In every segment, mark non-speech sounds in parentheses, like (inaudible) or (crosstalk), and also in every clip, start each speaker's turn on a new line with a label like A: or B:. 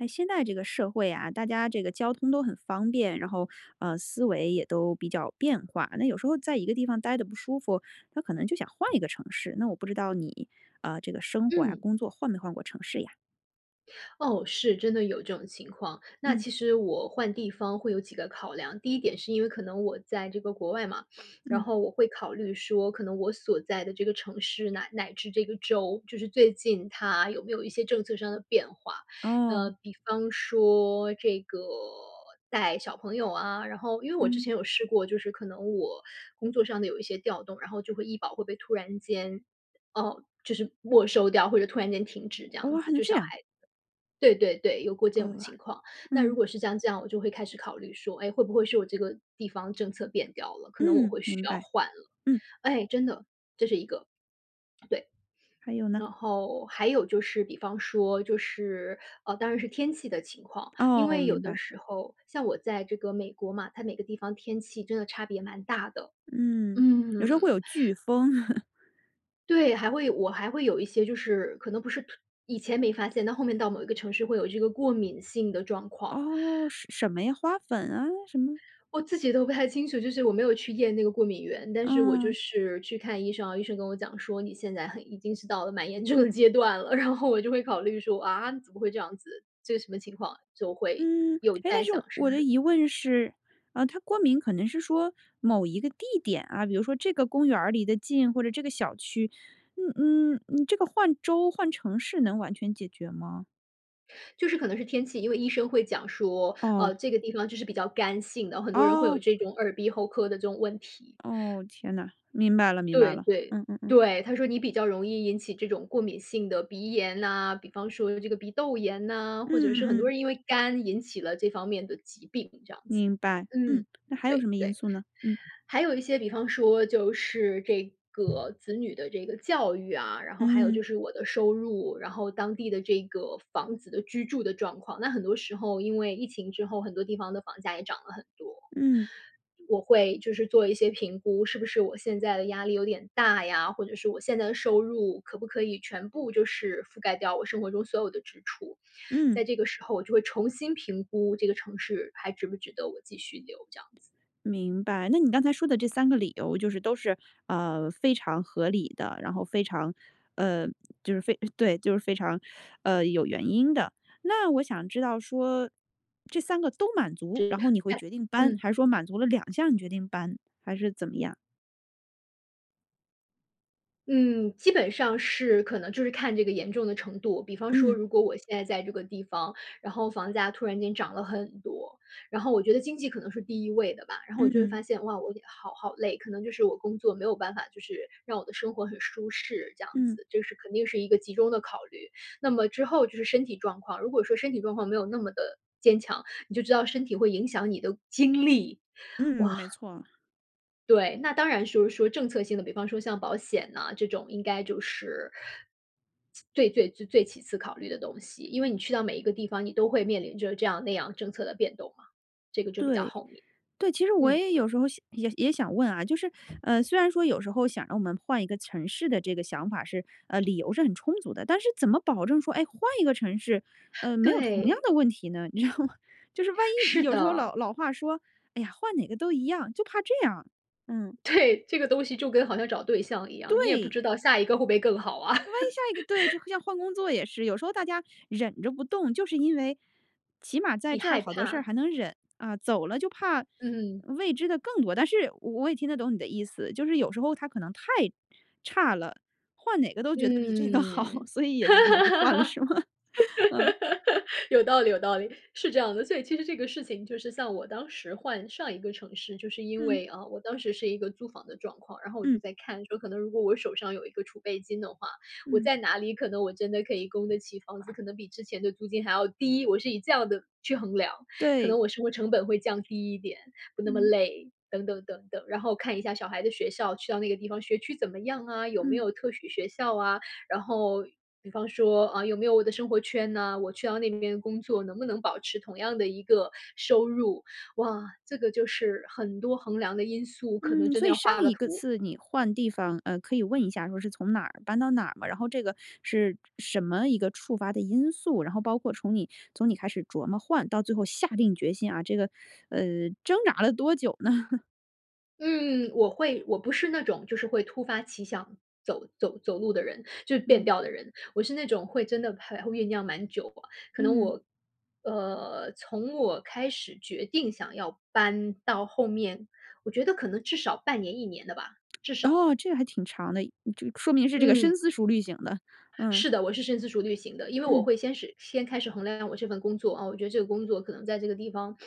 A: 诶，现在这个社会啊，大家这个交通都很方便，然后，呃，思维也都比较变化，那有时候在一个地方呆得不舒服，他可能就想换一个城市，那我不知道你，呃，这个生活呀，
B: 嗯。
A: 工作换没换过城市呀？
B: 哦，是，真的有这种情况。那
A: 嗯。
B: 其实我换地方会有几个考量。第一点是因为可能我在这个国外嘛，然
A: 嗯。
B: 后我会考虑说可能我所在的这个城市，乃乃至这个州，就是最近它有没有一些政策上的变化。呃，
A: 哦。
B: 比方说这个带小朋友啊，然后因为我之
A: 嗯。
B: 前有试过，就是可能我工作上的有一些调动，然后就会医保会被突然间，呃就是没收掉，或者突然间停止这样
A: 哦，还
B: 子，
A: 能
B: 就
A: 这
B: 小
A: 样。
B: 孩子对对对，有过这种
A: 呃，
B: 情况，那如
A: 嗯。
B: 果是像这样，我就会开始考虑说：“诶？会不会是我这个地方政策变掉了？”可能我
A: 嗯，
B: 会需
A: 明
B: 要
A: 白，
B: 换了。
A: 嗯。
B: 唉，真的，这是一个对。
A: 还有呢？
B: 然后还有就是比方说，就是，呃，当然是天气的情况，因
A: 哦，
B: 为有
A: 明
B: 的
A: 白。
B: 时候像我在这个美国嘛，它每个地方天气真的差别蛮大的。
A: 嗯，有
B: 嗯。
A: 时候会有飓风。(laughs)
B: 对，还会有我还会有一些就是，可能不是以前没发现，但后面到某一个城市会有这个过敏性的状况。
A: 哦，什什么呀？花粉啊，什么？
B: 我自己都不太清楚，就是我没有去验那个过敏原。但是我就
A: 嗯。
B: 是去看医生啊，医生跟我讲说：“你现在很已经是到了蛮严重的阶段了。”然后我就会考虑说：“啊，怎么会这样子，这什么情况？”就会
A: 嗯。
B: 有
A: 诶，但
B: 在
A: 是，
B: 想，是不
A: 我的疑
B: 是
A: 问是，呃，它过敏可能是说，某一个地点啊，比如说这个公园儿离得近，或者这个小区，嗯嗯，嗯这个换州、换城市能完全解决吗？
B: 就是可能是天气，因为医生会讲说：“呃，
A: 哦。
B: 这个地方就是比较干性的，很多人会
A: 哦。
B: 有这种耳鼻喉科的这种问题。”
A: 哦，天呐，明白了，明白
B: 对-
A: 了。
B: 对，
A: 嗯嗯嗯。
B: 对，他说你比较容易引起这种过敏性的鼻炎呐，比方说这个鼻窦炎呐，
A: 嗯
B: 或者是很
A: 嗯
B: 多
A: 嗯。
B: 人因为肝引起了这方面的疾病这样子，
A: 明白，嗯。
B: 嗯，
A: 那还有什
B: 对
A: 么因
B: 对。
A: 素呢？嗯。
B: 还有一些比方说，就是这个子女的这个教育啊，然后还有
A: 嗯。
B: 就是我的收入，然后当地的这个房子的居住的状况。那很多时候因为疫情之后，很多地方的房价也涨了很多，
A: 嗯。
B: 我会就是做一些评估，是不是我现在的压力有点大呀，或者是我现在的收入可不可以全部就是覆盖掉我生活中所有的支出。
A: 嗯。
B: 在这个时候我就会重新评估这个城市还值不值得我继续留这样子。
A: 明白，那你刚才说的这3个理由就是都是，呃，非常合理的，然后非常，呃，就是非对，就是非常，呃，有原因的。那我想知道说，这3个都满足，然后你会决
B: (unintelligible)
A: 定搬，
B: 嗯。
A: 还是说满足了2项你决定搬，还是怎么样？
B: 嗯，基本上是可能就是看这个严重的程度。比方说
A: 嗯。
B: 如果我现在在这个地方，然后房价突然间涨了很多，然后我觉得经济可能是第1位的吧。然后我
A: 嗯
B: 就会
A: 嗯。
B: 发现，哇，我好好累，可能就是我工作没有办法，就是让我的生活很舒适，这样
A: 嗯。
B: 子，这是肯定是一个集中的考虑。那么之后就是身体状况，如果说身体状况没有那么的坚强，你就知道身体会影响你的精力。
A: 嗯，没
B: 哇。
A: 错。
B: 对，那当然说说政策性的，比方说像保险啊，这种应该就是，最最最最其次考虑的东西，因为你去到每一个地方，你都会面临着这样那样政策的变动嘛。这个就比较
A: 对，
B: 后面。
A: 对，其实我
B: 嗯。
A: 也有时候想，也也想问啊，就是，呃，虽然说有时候想让我们换一个城市的这个想法是，呃，理由是很充足的，但是怎么保证说，哎，换一个城市，呃，
B: (inhales)
A: 没有同样
B: 对。
A: 的问题呢，你知道吗？就是万一
B: 是
A: 有时候
B: 的。
A: 老老话说：“哎呀，换哪个都一样。”就怕这样，嗯。
B: 对，这个东西就跟好像找对象一样，你也不
A: 对。
B: 知道下一个会不会更好啊。
A: 那万一下一个对，就
B: (laughs)
A: 像换工作也是，有时候大家忍着不动，就是因为起码在
B: 你
A: 这儿
B: 害
A: 好多事儿
B: 怕。
A: 还能忍。啊，走了就怕
B: 嗯。
A: 未知的更多。但是我也听得懂你的意思，就是有时候它可能太差了，换哪个都觉得比这个好，
B: 嗯。
A: 所以也就不得不换了是吗？嗯。
B: (laughs) 有道理有道理，是这样的。所以其实这个事情，就是像我当时换上一个城市，就是因
A: 嗯。
B: 为，啊，我当时是一个租房的状况，然后我
A: 嗯。
B: 就在看说，可能如果我手上有一个储备金的话，我
A: 嗯。
B: 在哪里可能我真的可以供得起房子，可能比之前的租金还要低。我是以这样的去衡量，可
A: 对。
B: 能我生活成本会降低一点，不那么
A: 嗯。
B: 累，等等等等，然后看一下小孩的学校去到那个地方学区怎么样啊？有没
A: 嗯。
B: 有特许学校啊。然后比方说，啊，有没有我的生活圈呢？我去到那边工作，能不能保持同样的一个收入？哇，这个就是很多衡量的因素，可能
A: 嗯，
B: 真
A: 所
B: 的
A: 以
B: 要
A: 上
B: 画个
A: 一个
B: 图。
A: 次你换地方，呃，可以问一下说是从哪儿搬到哪儿吗？然后这个是什么一个触发的因素，然后包括从你从你开始琢磨换，到最后下定决心啊，这个，(sucks teeth) 呃，挣扎了多久呢？(chuckles)
B: 嗯，我会。我不是那种就是会突发奇想走走走路的人，就是变
A: 嗯。
B: 调的人。我是那种会真的还会酝酿蛮久，啊，可能
A: 嗯。
B: 我，呃，从我开始决定想要搬到后面，我觉得可能至少半年1年的吧，
A: (smacks lips)
B: 至少。
A: 哦，这还挺长的，就说明是这个深
B: 嗯。
A: 思熟虑型的，嗯。
B: 是的，我是深思熟虑型的。因为我
A: 嗯。
B: 会先始先开始衡量我这份工作。啊，我觉得这个工作可能在这个地方，(sucks teeth)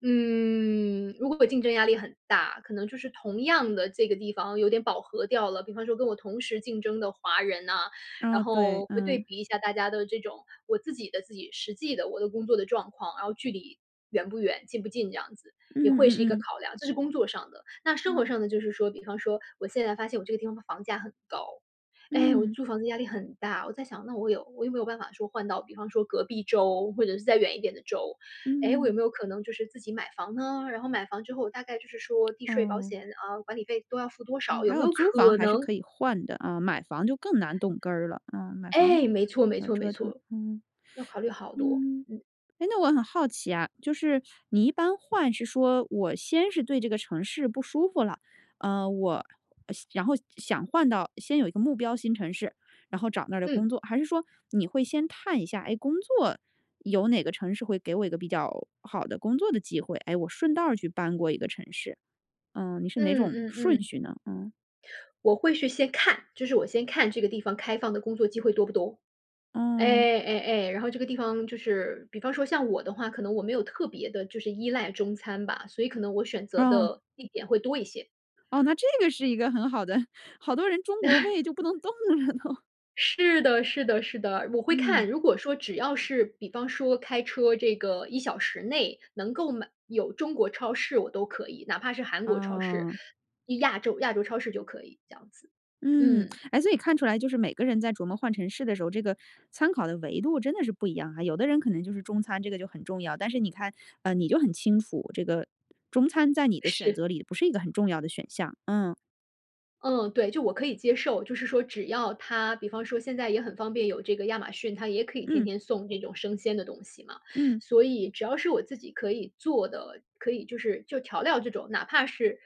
B: 嗯，如果我竞争压力很大，可能就是同样的这个地方，有点饱和掉了。比方说跟我同时竞争的华人呐，
A: 哦，
B: 然
A: 对，
B: 后会对
A: 嗯。
B: 比一下大家的这种，我自己的自己实际的我的工作的状况。然后距离，远不远，近不近这样子，也
A: 嗯
B: 会是一
A: 嗯
B: 个
A: 嗯。
B: 考量，这是工作上的。那生
A: 嗯。
B: 活上的就是说，比方说，我现在发现我这个地方的房价很高，诶，我
A: 嗯。
B: 租房子压力很大。我再想，那我有我有没有办法说换到比方说隔壁州，或者是再远一点的州。诶，我有
A: 嗯。
B: 没有可能就是自己买房呢？然后买房之后大概就是说，地税保
A: 哦。
B: 险啊，管理费都要付多
A: 嗯
B: 少，有
A: 还
B: 没
A: 有
B: 有
A: 租房
B: 可
A: 还是
B: 能
A: 可以换的啊，买房就更难动根儿了，嗯，买房
B: 诶！没错没
A: 要
B: 错没
A: 折腾，
B: 错，
A: 嗯。
B: 要考虑
A: (sucks teeth)
B: 好多，
A: 嗯。
B: 嗯。
A: 诶那我很好奇啊，就是你一般换是说，我先是对这个城市不舒服了，呃，我，呃然后想换到呃先有一个目标新城市，然后找那儿的
B: 嗯。
A: 工作。还是说你会先看一下，诶，工作有哪个城市会给我一个比较好的工作的机会。诶，我顺道儿去搬过一个城市。嗯，你是哪
B: 嗯
A: 种
B: 嗯
A: 顺
B: 嗯。
A: 序呢？嗯。
B: 我会去先看，就是我先看这个地方，开放的工作机会多不多。
A: 嗯。
B: 哎哎哎，然后这个地方，就是，比方说像我的话，可能我没有特别地就是依赖中餐吧，所以可能我选择
A: 嗯。
B: 的地点会多一些。
A: 哦，那这个是一个很好的，好多人中国
B: (chuckles)
A: 胃就不能动了呢。
B: 是的，是的，是的，我会看，
A: 嗯。
B: 如果说只要是比方说开车这个1小时内，能够买有中国超市我都可以，哪怕是韩国超市，
A: 哦。
B: 亚洲亚洲超市就可以这样子，
A: 嗯，
B: 嗯。
A: 哎，所以看出来就是每个人在琢磨换城市的时候，这个参考的维度真的是不一样啊。有的人可能就是中餐，这个就很重要，但是你看，呃，你就很清楚，这个中餐在你的选
B: 是。
A: 择里不是一个很重要的选项，嗯。
B: 嗯，对，就我可以接受。就是说只要它比方说现在也很方便，有这个亚马逊，它也可以天
A: 嗯。
B: 天送这种生鲜的东西嘛，
A: 嗯。
B: 所以只要是我自己可以做的，可以就是就调料这种，哪怕是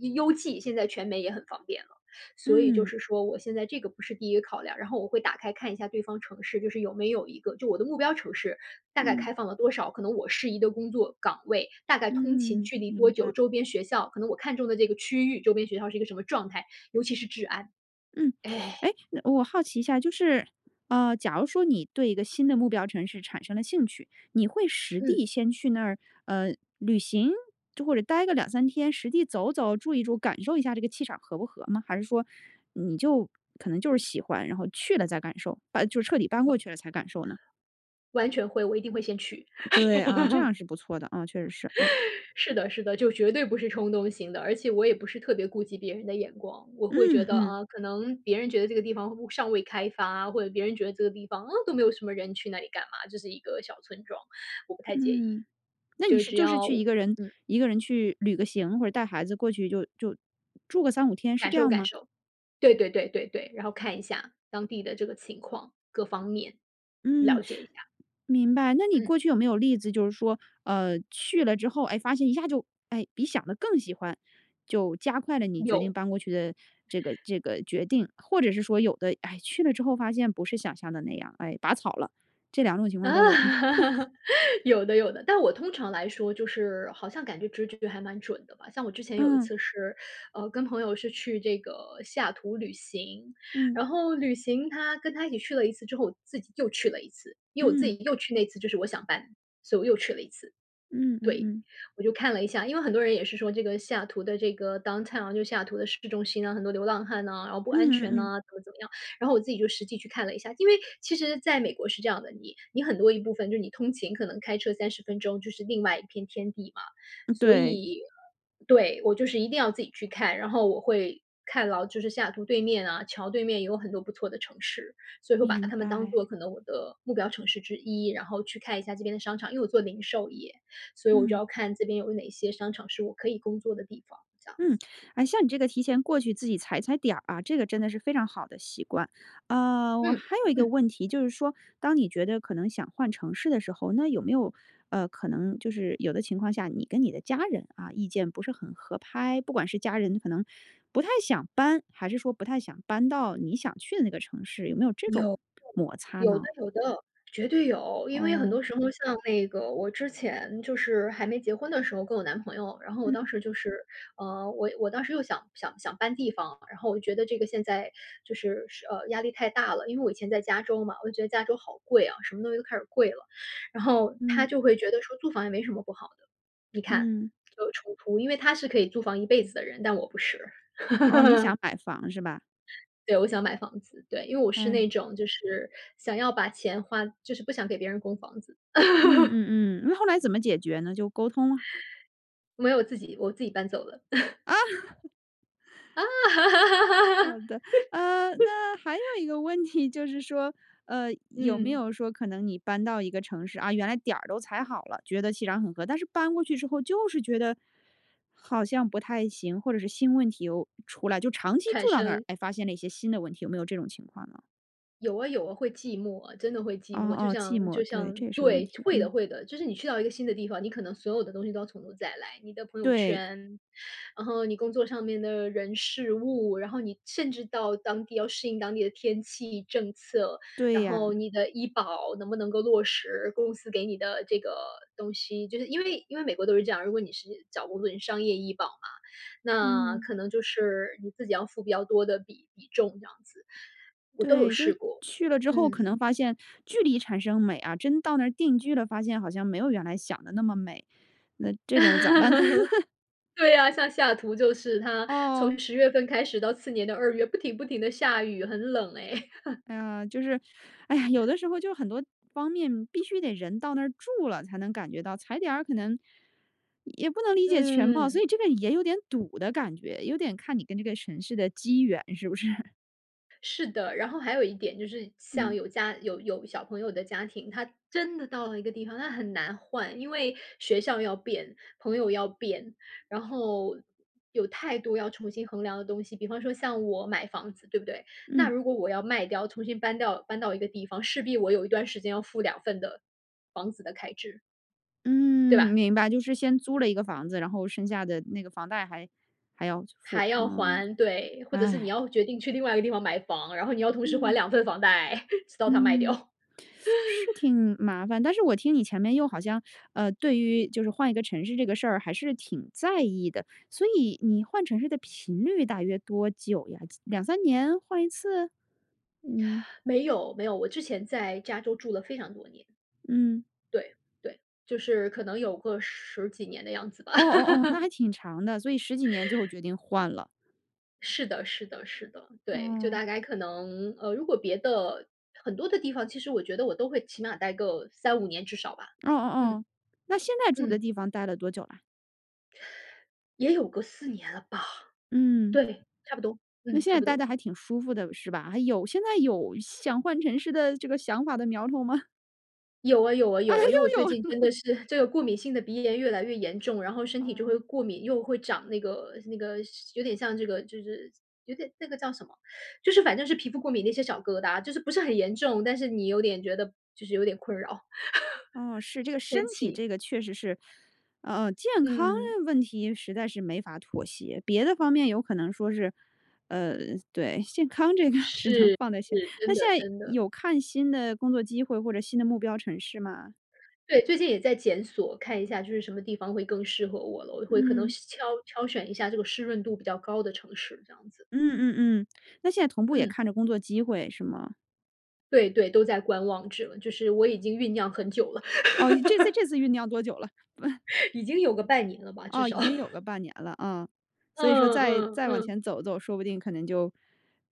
B: 邮- 邮寄，现在全美也很方便了。所以就
A: 嗯。
B: 是说我现在这个不是第1个考量，然后我会打开看一下对方城市，就是有没有一个就我的目标城市大概
A: 嗯。
B: 开放了多少，可能我适宜的工作岗位大概通勤
A: 嗯，
B: 距离多
A: 明白。
B: 久，周边学校可能我看中的这个区域，周边学校是一个什么状态，尤其是治安，
A: 嗯，
B: 哎。
A: (sucks teeth) 诶嗯，我好奇一下，就是，呃，假如说你对一个新的目标城市产生了兴趣，你会实
B: 嗯。
A: 地先去那儿，呃，旅行就或者待个2-3天实地走走、住一住，感受一下这个气场合不合吗？还是说你就可能就是喜欢，然后去了再感受，把就彻底搬过去了才感受呢？
B: 完全会，我一定会先去。
A: 对，啊，这
B: (laughs)
A: 样是不错的啊，嗯，确实是，嗯。
B: (laughs) 是的，是的，就绝对不是冲动型的，而且我也不是特别顾及别人的眼光。我会觉得，
A: 嗯。
B: 啊，可能别人觉得这个地方会不尚未开发，或者别人觉得这个地方，啊，都没有什么人，去那里干嘛？就是一个小村庄，我不太介意。
A: 嗯，那你
B: 就
A: 是
B: 只
A: 就是
B: 要
A: 去一
B: 我
A: 个人
B: 嗯。
A: 一个人去旅个行，或者带孩子过去，就就住个3-5天，是
B: 感
A: 这
B: 受，
A: 样
B: 感
A: 吗？
B: 受，对对对对对。然后看一下当地的这个情况，各方面
A: 嗯，
B: 了解
A: (sniffs)
B: 一下。
A: 明白。那你
B: 嗯。
A: 过去有没有例子就是说，呃，去了之后，哎，发现一下就哎，比想得更喜欢，就加快了你决定
B: 有。
A: 搬过去的这个这个决定。或者是说有的，唉，去了之后发现不是想象的那样，唉，拔草了，这2种情况都有吗？
B: (laughs) 有的，有的，但我
A: (laughs)
B: 通常来说就是好像感觉直觉还蛮准的吧。像我之前有一
A: 嗯。
B: 次是，(sucks teeth) 呃，跟朋友是去这个西雅图旅行，
A: 嗯。
B: 然后旅行，他跟他一起去了一次之后，我自己又去了一次。因为我自
A: 嗯。
B: 己又去那次就是我想搬，所以我又去了一次。
A: 嗯嗯
B: 对，
A: 嗯。
B: 我就看了一下，因为很多人也是说这个西雅图的这个 Downtown 就西雅图的市中心啊，很多流浪汉呐，然后不安全呐
A: 嗯。
B: 怎么怎么样，然后我自己就实际去看了一下。因为其实在美国是这样的，你你很多一部分就是你通勤，可能开车30分钟就是另外一片天地嘛。
A: 嗯
B: 所
A: 对。
B: 以对，我就是一定要自己去看，然后我会看到就是西雅图对面啊，桥对面也有很多不错的城市，所以会把
A: 明
B: 它们当
A: 白。
B: 做可能我的目标城市之一，然后去看一下这边的商场因为我做零售业，所以我就
A: 嗯。
B: 要看这边有哪些商场是我可以工作的地方这样
A: 嗯，
B: 子。
A: 哎，像你这个提前过去自己踩踩点儿啊，这个真的是非常好的习惯。呃，我
B: 嗯，
A: 还有一个
B: 嗯。
A: 问题，就是说当你觉得可能想换城市的时候，那有没有，呃，可能就是有的情况下，你跟你的家人，啊，意见不是很合拍？不管是家人可能不太想搬还是说不太想搬到你想去的那个城市，有没有这种
B: 有，
A: 摩
B: 对，
A: 擦
B: 有的，
A: 呢？
B: 有的，绝对有。因为很
A: 哦。
B: 多时候，像那个我之前就是还没结婚的时候，跟我男朋友，然后我当
A: 嗯。
B: 时就是，呃，我我当时又想想想搬地方啊，然后我觉得这个现在就是是呃，压力太大了。因为我以前在加州嘛，我就觉得加州好贵啊，什么东西都开始贵了，然后他
A: 嗯。
B: 就会觉得说：“租房也没什么不好的。”你看
A: 嗯。
B: 就有冲突，因为他是可以租房一辈子的人，但我不是。
A: 哦，你想
B: (laughs)
A: 买房是吧？
B: 对，我想买房子，对，因为我是
A: 唉。
B: 那种就是想要把钱花就是不想给别人供房子。
A: 嗯
B: (laughs)
A: 嗯嗯，那后来怎么解决呢？就沟通啊？
B: (chuckles) 没有，我自己我自己搬走了。(laughs)
A: 啊。好的。呃，那还有
B: (laughs)
A: 一个问题，就是说，呃，有没
B: 嗯。
A: 有说可能，你搬到一个城市，啊，原来点儿都踩好了，觉得气场很合。但是搬过去之后就是觉得，好像不太行，或者是新问题又出来就长期
B: 产
A: 住到那儿，
B: 生。
A: 哎，发现了一些新的问题，有没有这种情况呢？
B: 有啊，有啊，会寂寞啊，真的会寂
A: 哦
B: 寞。就
A: 哦，寂
B: 像
A: 寞，
B: 就
A: 对，这
B: 像
A: 也是个问
B: 对，
A: 题。
B: 会
A: 嗯。
B: 的，会的，就是你去到一个新的地方，你可能所有的东西都要从头再来，你的朋友
A: 对。
B: 圈，嗯哼你工作上面的人、事、物，然后你甚至到当地要适应当地的天气、政策，
A: 对
B: 然后
A: 呀。
B: 你的医保能不能够落实，公司给你的这个东西。就是因为因为美国都是这样，如果你是找工作人商业医保嘛，那
A: 嗯。
B: 可能就是你自己要付比较多的比比重这样子。我都有
A: 对，就是
B: 试过。
A: 去了之后可
B: 嗯。
A: 能发现距离产生美啊，真到那儿定居了发现好像没有原来想得那么美，那这种咋办呢？(laughs)
B: (laughs) 对啊，像西雅图就是它
A: 哦。
B: 从十月份开始到次年的二月不停不停地下雨，很冷哎。(laughs)
A: 哎呀，就是哎呀，有
B: (chuckles)
A: 的时候就很多方面必须得人到那儿住了才能感觉到，踩点儿可能，也不能理解全貌，所
B: 嗯。
A: 以这个也有点堵的感觉，有点看你跟这个城市的机缘，是不是？
B: 是的，然后还有一点就是像
A: 嗯。
B: 有家有有小朋友的家庭，他真的到了一个地方，那很难换，因为学校要变、朋友要变，然后有太多要重新衡量的东西，比方说像我买房子，对不对？那
A: 嗯。
B: 如果我要卖掉，重新搬到搬到一个地方，势必我有一段时间要付2份的房子的开支。对
A: 嗯，
B: 吧？
A: 明白，就是先租了一个房子，然后剩下的那个房贷还还要付。
B: 还要
A: 嗯，
B: 还对，或者是你
A: 唉。
B: 要决定去另外一个地方买房，然后你要同时还
A: 嗯。
B: 2份房贷，(laughs) 直到它卖
A: 嗯。
B: 掉。
A: (sucks teeth) 是
B: (laughs)
A: 挺麻烦，但是我听你前面又好像，呃，对于就是换一个城市这个事儿还是挺在意的，所以你换城市的频率大约多久呀？2，3年换一次？嗯。
B: 没有没有，我之前在加州住了非常多年。
A: 嗯。
B: 对对，就是可能有个十几年的样子吧。
A: 哦哦哦，那
B: (laughs)
A: 还挺长的，所以十几年最后决定换了。
B: 是的是的是的，对，就
A: 嗯。
B: 大概可能呃，如果别的很多的地方，其实我觉得我都会起码待个3-5年至少吧。
A: 哦哦
B: 嗯。
A: 哦，那现在住的
B: 嗯。
A: 地方呆了多久啊？
B: 也有个4年了吧。
A: 嗯。
B: 对，差不多。
A: 那
B: 嗯，
A: 现
B: 差
A: 在
B: 不
A: 待
B: 多。
A: 得还挺舒服的，是吧？还有现在有想换城市的这个想法的苗头吗？
B: 有啊有啊
A: 啊，
B: 有啊，因为我
A: 又
B: 最
A: 有了。
B: 近真
A: (laughs)
B: 的是这个过敏性的鼻炎越来越严重，然后身体就会
A: 嗯。
B: 过敏，又会长那个那个有点像这个就是有点那个叫什么，就是反正是皮肤过敏那些小疙瘩，就是不是很严重，但是你有点觉得就是有点困扰。
A: 哦，是。
B: (laughs)
A: 这个
B: 是
A: 身
B: 天
A: 体
B: 气
A: 这个确实是呃，呃，健康
B: 嗯。
A: 问题实在是没法妥协，别的方面有可能说是呃，对，健康这个只能
B: 是
A: 放在前
B: 是，真
A: 那现
B: 的
A: 在
B: 真的。
A: 有看新的工作机会或者新的目标城市吗？
B: 对，最近也在检索，看一下就是什么地方会更适合我了。我会可能
A: 嗯。
B: 挑挑选一下这个湿润度比较高的城市，这样子。
A: 嗯嗯嗯。那现在同步也
B: 嗯。
A: 看着工作机会，是吗？
B: 对对，都在观望着，就是我已经酝酿很久了。
A: 哦，这次这次
B: (laughs)
A: 酝酿多久了？(chuckles)
B: (laughs) 已经有个半年了吧，至
A: 哦，已
B: 少。
A: 经有
B: (laughs)
A: 个半年了，啊，所以说
B: 嗯
A: 再
B: 嗯
A: 再往
B: 嗯。
A: 前走走，说不定可能就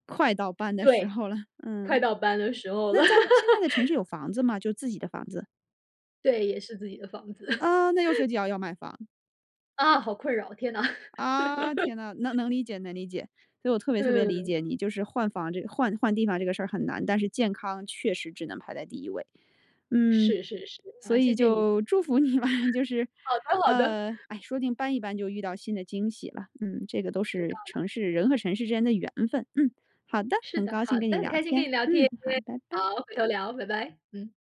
A: 快到搬的时
B: 对，
A: 候了。
B: 快
A: 嗯。
B: 到搬的时候
A: 那
B: 了。
A: 在现在的城市
B: (laughs)
A: 有房子吗？就自己的房子。
B: 对，也是自己的房子。
A: 呃，那又
B: (laughs)
A: 涉及要要卖房。
B: 啊，好困扰，天呐。
A: 啊，天啊，能
B: (laughs)
A: 能理解能理解。所以我特别特别理
B: 嗯。
A: 解你，就是换房这个换换地方这个事儿很难，但是健康确实只能排在第一位。嗯，
B: 是是是。
A: 所
B: 好，
A: 以
B: 谢谢你。
A: 就祝福你吧，就是，
B: 好的好的。
A: 呃哎，说不定搬一搬就遇到新的惊喜了。嗯，这个都
B: 有
A: 是
B: 道理。
A: 城市人和城市之间的缘分。嗯，好的，
B: 是
A: 很
B: 的，
A: 高兴
B: 好
A: 跟
B: 的，
A: 你
B: 很
A: 聊
B: 开心跟
A: 天。
B: 你聊
A: 嗯，
B: 天。
A: 好，
B: (unintelligible)
A: 拜拜。
B: 好，回头聊，拜拜。嗯。